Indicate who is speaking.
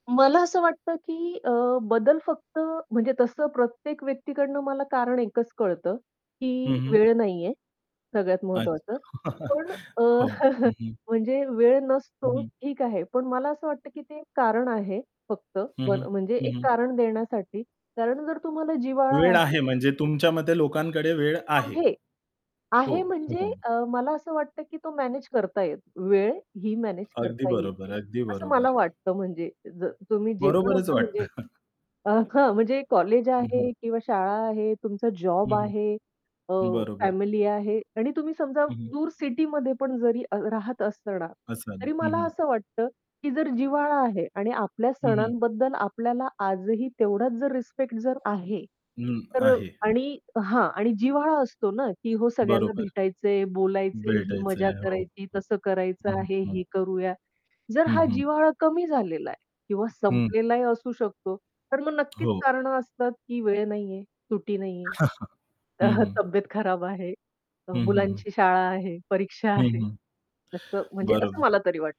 Speaker 1: मला असं वाटतं की अ, बदल फक्त म्हणजे तसं प्रत्येक व्यक्तीकडून मला कारण एकच कळतं,
Speaker 2: हं,
Speaker 1: की
Speaker 2: हं.
Speaker 1: वेळ नाहीये सगळ्यात
Speaker 2: अच्छा.
Speaker 1: महत्त्वाचं. पण अ,
Speaker 2: हो, हं, हं.
Speaker 1: म्हणजे वेळ
Speaker 2: हं,
Speaker 1: नसतो
Speaker 2: हं.
Speaker 1: ठीक आहे, पण मला असं वाटतं, की ते एक कारण आहे ब फक्त
Speaker 2: हं, हं.
Speaker 1: म्हणजे
Speaker 2: हं,
Speaker 1: एक
Speaker 2: हं.
Speaker 1: कारण देण्यासाठी, कारण जर तुम्हाला जिव्हाळा
Speaker 2: वेळ
Speaker 1: आहे
Speaker 2: आहे म्हणजे तुमच्या मते लोकांकडे वेळ आहे.
Speaker 1: आहे.
Speaker 2: हो.
Speaker 1: आहे म्हणजे
Speaker 2: [unintelligible]
Speaker 1: अ, मला असं वाटतं, की तो मॅनेज करता येतं. वेळही मॅनेज
Speaker 2: अगदी
Speaker 1: करता
Speaker 2: बरोबर,
Speaker 1: येते.
Speaker 2: अगदी
Speaker 1: असं मला
Speaker 2: बरोबर.
Speaker 1: वाटतं म्हणजे ज तुम्ही जे पण
Speaker 2: बरोबरच
Speaker 1: असं
Speaker 2: वाटतं.
Speaker 1: म्हणजे अ, हां, म्हणजे कॉलेज
Speaker 2: हं, हं.
Speaker 1: आहे किंवा शाळा आहे, तुमचं जॉब
Speaker 2: हं,
Speaker 1: आहे, अ,
Speaker 2: हं, बरोबर.
Speaker 1: फॅमिली आहे आणि तुम्ही समजा
Speaker 2: हं, हं.
Speaker 1: दूर सिटीमध्ये पण जरी अ, राहत असणार,
Speaker 2: असाल,
Speaker 1: तरी
Speaker 2: हं,
Speaker 1: मला
Speaker 2: हं.
Speaker 1: असं वाटतं की जर जिव्हाळा आहे आणि आपल्या
Speaker 2: हं, हं.
Speaker 1: सणांबद्दल आपल्याला आजही तेवढाच जर रिस्पेक्ट जर आहे
Speaker 2: अं,
Speaker 1: तर
Speaker 2: आहे.
Speaker 1: आणि हां, आणि जिव्हाळा असतो ना की हो, सगळ्यांना
Speaker 2: बरोबर.
Speaker 1: भेटायचंय, बोलायचंय, ही मजा
Speaker 2: भेटायचंय, हो.
Speaker 1: करायची, तसं करायचं
Speaker 2: हं,
Speaker 1: आहे,
Speaker 2: हं.
Speaker 1: हे करूया. जर
Speaker 2: हं,
Speaker 1: हा
Speaker 2: हं.
Speaker 1: जिव्हाळा कमी झालेला आहे किंवा
Speaker 2: हं.
Speaker 1: संपलेलाही असू शकतो, तर मग नक्कीच
Speaker 2: हो.
Speaker 1: कारणं असतात, की वेळ नाहीये, सुटी नाहीये.
Speaker 2: हं, हं.
Speaker 1: तब्येत खराब आहे, अ,
Speaker 2: हं, हं, हं.
Speaker 1: मुलांची शाळा आहे, परीक्षा
Speaker 2: हं,
Speaker 1: आहे.
Speaker 2: हं,
Speaker 1: असं म्हणजे असं
Speaker 2: बरोबर.
Speaker 1: मला तरी वाटतं.